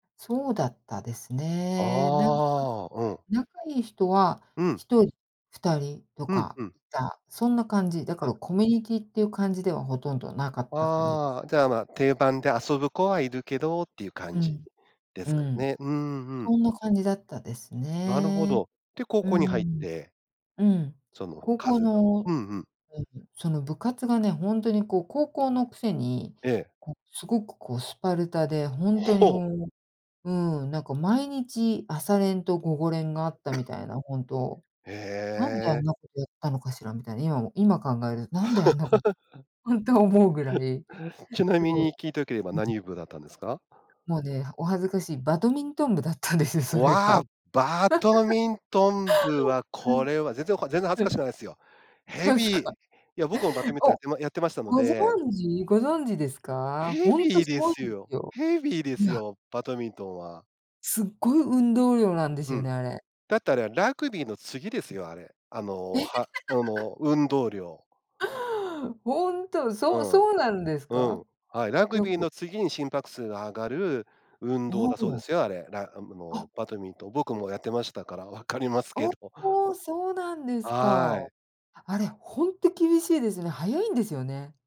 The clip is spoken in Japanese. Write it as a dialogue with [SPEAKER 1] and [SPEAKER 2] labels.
[SPEAKER 1] そうだったですね。なんか、
[SPEAKER 2] ああ、うん。
[SPEAKER 1] 仲良い人は
[SPEAKER 2] うん。
[SPEAKER 1] 1人、2人と
[SPEAKER 2] うん
[SPEAKER 1] か
[SPEAKER 2] うん。
[SPEAKER 1] いた、そんな感じ。だか
[SPEAKER 2] あ。
[SPEAKER 1] らコミュニティーっていう感じではほとんどなかった感じで
[SPEAKER 2] あ
[SPEAKER 1] す
[SPEAKER 2] あ、
[SPEAKER 1] ね。
[SPEAKER 2] じゃあまあ、定番で遊ぶ子はいるけどっていう感
[SPEAKER 1] う
[SPEAKER 2] じ
[SPEAKER 1] ん。
[SPEAKER 2] で
[SPEAKER 1] う
[SPEAKER 2] すか
[SPEAKER 1] ん、
[SPEAKER 2] ね。うんうん。
[SPEAKER 1] そんな感じだったです
[SPEAKER 2] なるほ
[SPEAKER 1] ね。
[SPEAKER 2] ど。で、高
[SPEAKER 1] う
[SPEAKER 2] 校に入っ
[SPEAKER 1] ん。
[SPEAKER 2] て
[SPEAKER 1] うん。
[SPEAKER 2] その、
[SPEAKER 1] 高
[SPEAKER 2] か
[SPEAKER 1] 校
[SPEAKER 2] ずと。
[SPEAKER 1] の
[SPEAKER 2] うんうん。
[SPEAKER 1] うん、その部活がね、ほんとにこう、高校のくせに、
[SPEAKER 2] ええ。
[SPEAKER 1] こう、すごくこうスパルタで。ほんとに
[SPEAKER 2] ほう。
[SPEAKER 1] もう、うん、なんか毎日、朝練と午後練があったみ たいな、本当。
[SPEAKER 2] え
[SPEAKER 1] なんであん
[SPEAKER 2] え。
[SPEAKER 1] なことやったのかしらみたいな。今も今考えるなんであんなこ
[SPEAKER 2] あ。
[SPEAKER 1] ほんと思うぐらい、
[SPEAKER 2] ちな
[SPEAKER 1] す
[SPEAKER 2] み
[SPEAKER 1] ごい。
[SPEAKER 2] に、聞いてよければ、
[SPEAKER 1] うん。
[SPEAKER 2] 何部だったんですか？
[SPEAKER 1] もうね、はお恥ずかしい、バドミントン部だったんですよ、それ
[SPEAKER 2] わ
[SPEAKER 1] が。
[SPEAKER 2] あ、バド ミントン部は、
[SPEAKER 1] は
[SPEAKER 2] こ
[SPEAKER 1] い。
[SPEAKER 2] れは。全然おか全然恥ず
[SPEAKER 1] う
[SPEAKER 2] か
[SPEAKER 1] ん。
[SPEAKER 2] しくないっすよ。ヘ
[SPEAKER 1] そうです
[SPEAKER 2] ビー。い
[SPEAKER 1] か。
[SPEAKER 2] や、僕もバドミントンやっ
[SPEAKER 1] お、
[SPEAKER 2] てまやってましたの
[SPEAKER 1] ご
[SPEAKER 2] で。
[SPEAKER 1] 存知ご存知ですか？
[SPEAKER 2] ヘ
[SPEAKER 1] ほん
[SPEAKER 2] ビ
[SPEAKER 1] と
[SPEAKER 2] ー
[SPEAKER 1] す
[SPEAKER 2] で
[SPEAKER 1] ごい
[SPEAKER 2] す
[SPEAKER 1] んで
[SPEAKER 2] よ。
[SPEAKER 1] すよ。
[SPEAKER 2] ヘビーで
[SPEAKER 1] う
[SPEAKER 2] す
[SPEAKER 1] わ。
[SPEAKER 2] よ、バドミントンは。
[SPEAKER 1] すっごい運動量なんです
[SPEAKER 2] う
[SPEAKER 1] よ
[SPEAKER 2] ん。
[SPEAKER 1] ね、あれ。
[SPEAKER 2] だってあれラグビーの次ですよ、あれ。あの、は、あ の運動量。
[SPEAKER 1] 本当、
[SPEAKER 2] う
[SPEAKER 1] そう
[SPEAKER 2] ん、
[SPEAKER 1] そうなんです
[SPEAKER 2] う
[SPEAKER 1] か？
[SPEAKER 2] ん、はい。ラグ
[SPEAKER 1] よ
[SPEAKER 2] ビー
[SPEAKER 1] く
[SPEAKER 2] の次に心拍数が上がる運動
[SPEAKER 1] お
[SPEAKER 2] だそうで
[SPEAKER 1] お。
[SPEAKER 2] すよ、あれ。らあの
[SPEAKER 1] あ。
[SPEAKER 2] バドミントン。僕もやってましたから分かりますけ
[SPEAKER 1] お
[SPEAKER 2] ど。
[SPEAKER 1] お、そうなんです
[SPEAKER 2] は
[SPEAKER 1] か。
[SPEAKER 2] い。
[SPEAKER 1] あれ、ほんと厳しいですね、はやいんですよね。